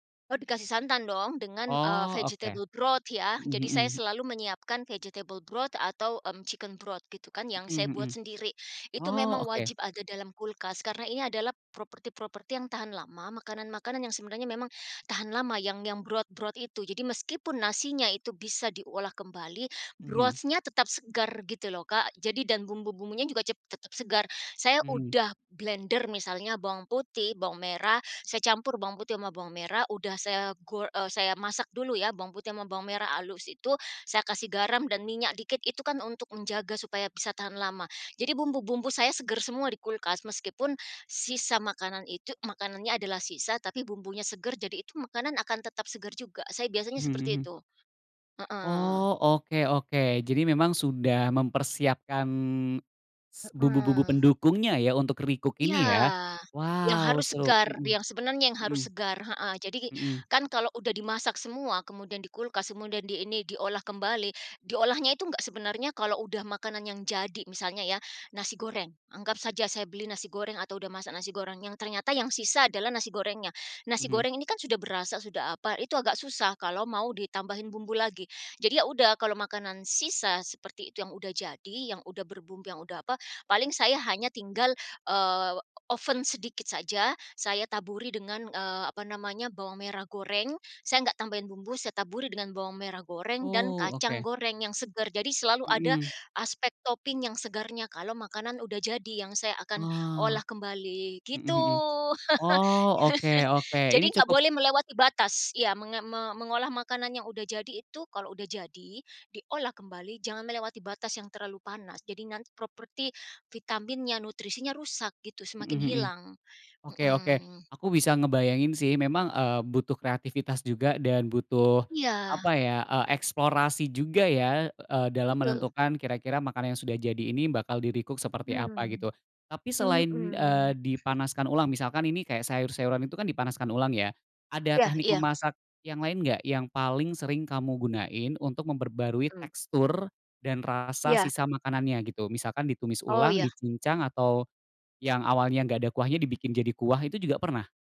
Oh dikasih santan dong, dengan, eee, Oh, oke. vegetable broth ya. Mhm Jadi saya mhm. selalu menyiapkan vegetable broth atau, mmm, chicken broth, gitu kan, yang Mhm saya buat mhm. sendiri. Itu Oh, memang oke. wajib ada dalam kulkas karena ini adalah properti-properti yang tahan lama, makanan-makanan yang sebenarnya memang tahan lama yang yang broth-broth itu. Jadi meskipun nasinya itu bisa diolah kembali, Mhm. broth-nya tetap segar, gitu loh, Kak. Jadi dan bumbu-bumbunya juga cep tetap segar. Saya Mhm. udah blender misalnya bawang putih, bawang merah, saya campur bawang putih sama bawang merah udah saya go eee, saya masak dulu ya bawang putih sama bawang merah halus itu, saya kasih garam dan minyak dikit itu kan untuk menjaga supaya bisa tahan lama. Jadi bumbu-bumbu saya segar semua di kulkas, meskipun sisa makanan itu makanannya adalah sisa, tapi bumbunya segar jadi itu makanan akan tetap segar juga. Saya biasanya Mhm seperti mhm. itu, heeh. Oh, oke oke. Jadi memang sudah mempersiapkan, s bumbu-bumbu Heeh. pendukungnya ya untuk recook ini ya? Iya. Yang Wow! harus Seru, segar, mhm yang sebenarnya yang mhm. harus segar, heeh. Jadi, Mhm. kan kalau sudah dimasak semua, kemudian di kulkas, kemudian diini diolah kembali, diolahnya itu nggak sebenarnya kalau sudah makanan yang jadi, misalnya ya, nasi goreng. Anggap saja saya beli nasi goreng atau sudah masak nasi goreng yang ternyata yang sisa adalah nasi gorengnya. Nasi Mhm. goreng ini kan sudah berasa, sudah apa, itu agak susah kalau mau ditambahin bumbu lagi. Jadi ya sudah kalau makanan sisa seperti itu yang sudah jadi, yang sudah berbumbu, yang sudah apa, paling saya hanya tinggal, eee, oven sedikit saja, saya taburi dengan, eee, apa namanya, bawang merah goreng, saya nggak tambahin bumbu, saya taburi dengan bawang merah goreng dan Oh, kacang oke. goreng yang segar, jadi selalu ada Mhm. aspek topping yang segarnya kalau makanan sudah jadi yang saya akan Oh, olah kembali, mhm gitu. mhm. Oh, oke oke, ini Jadi nggak cukup boleh melewati batas iya, menga me mengolah makanan yang sudah jadi itu kalau sudah jadi, diolah kembali jangan melewati batas yang terlalu panas. Jadi nanti properti vitaminnya, nutrisinya, rusak gitu, Mhm semakin mhm, hilang, oke oke. mhm. Aku bisa ngebayangin sih, memang, eee, butuh kreativitas juga dan butuh Iya. apa ya eee, eksplorasi juga ya, eee, dalam Betul. menentukan kira-kira makanan yang sudah jadi ini bakal di-recook seperti apa, Hmm, gitu. Tapi selain, eee, mhm. dipanaskan ulang misalkan ini kayak sayur-sayuran itu kan dipanaskan ulang ya, ada Iya teknik iya. memasak yang lain nggak yang paling sering kamu gunain untuk memperbarui Mhm. tekstur dan rasa Iya. sisa makanannya, gitu? Misalkan ditumis Oh, ulang, iya. dicincang atau, yang awalnya nggak ada kuahnya dibikin jadi kuah, itu juga pernah?